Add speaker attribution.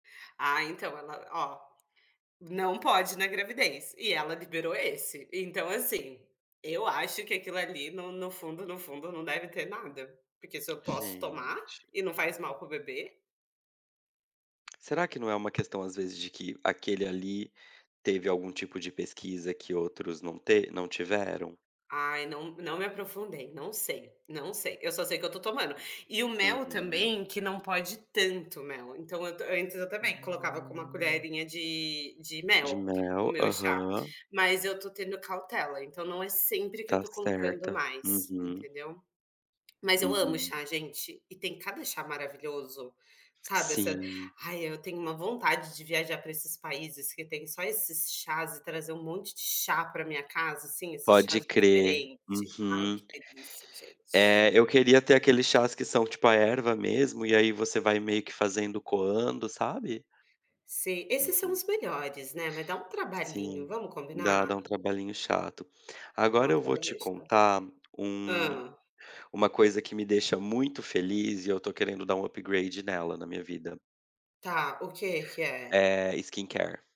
Speaker 1: Ah, então, ela ó, não pode na gravidez e ela liberou esse. Então, assim, eu acho que aquilo ali no no fundo, no fundo não deve ter nada. Porque se eu posso tomar
Speaker 2: Gente!
Speaker 1: e não faz mal para o bebê
Speaker 2: Será que não é uma questão, às vezes, de que aquele ali teve algum tipo de pesquisa que outros não te não tiveram?
Speaker 1: Ai, não não me aprofundei, não sei, não sei, eu só sei que eu estou tomando. E o mel
Speaker 2: Uhum.
Speaker 1: também, que não pode tanto o mel, então eu ta antes eu também colocava com uma
Speaker 2: Ah.
Speaker 1: colherinha de de
Speaker 2: De
Speaker 1: mel,
Speaker 2: mel,
Speaker 1: o meu chá.
Speaker 2: aham.
Speaker 1: Mas eu estou tendo cautela, então não é sempre que eu
Speaker 2: Tá
Speaker 1: estou colocando
Speaker 2: certa.
Speaker 1: mais,
Speaker 2: Uhum.
Speaker 1: entendeu? Mas eu amo
Speaker 2: Uhum.
Speaker 1: chá, gente, e tem cada chá maravilhoso, sabe, essa
Speaker 2: Sim.
Speaker 1: ai eu tenho uma vontade de viajar para esses países que têm só esses chás e trazer um monte de chá para minha casa, assim, esses
Speaker 2: Pode
Speaker 1: chás
Speaker 2: crer.
Speaker 1: diferente, ai
Speaker 2: Uhum.
Speaker 1: que delícia, gente.
Speaker 2: É, eu queria ter aqueles chás que são tipo a erva mesmo e aí você vai meio que fazendo coando, sabe?
Speaker 1: Sim, esses são
Speaker 2: Uhum.
Speaker 1: os melhores, né. Vai dar um trabalhinho,
Speaker 2: Sim,
Speaker 1: vamos
Speaker 2: dá, dá
Speaker 1: combinar?
Speaker 2: um trabalhinho chato.
Speaker 1: Ah,
Speaker 2: Agora
Speaker 1: eu
Speaker 2: eu vou
Speaker 1: estava bem
Speaker 2: te
Speaker 1: inchada.
Speaker 2: contar um
Speaker 1: Hã.
Speaker 2: uma coisa que me deixa muito feliz e eu estou querendo dar um upgrade nela, na minha vida.
Speaker 1: Tá, o quê que é?
Speaker 2: Eh, skincare.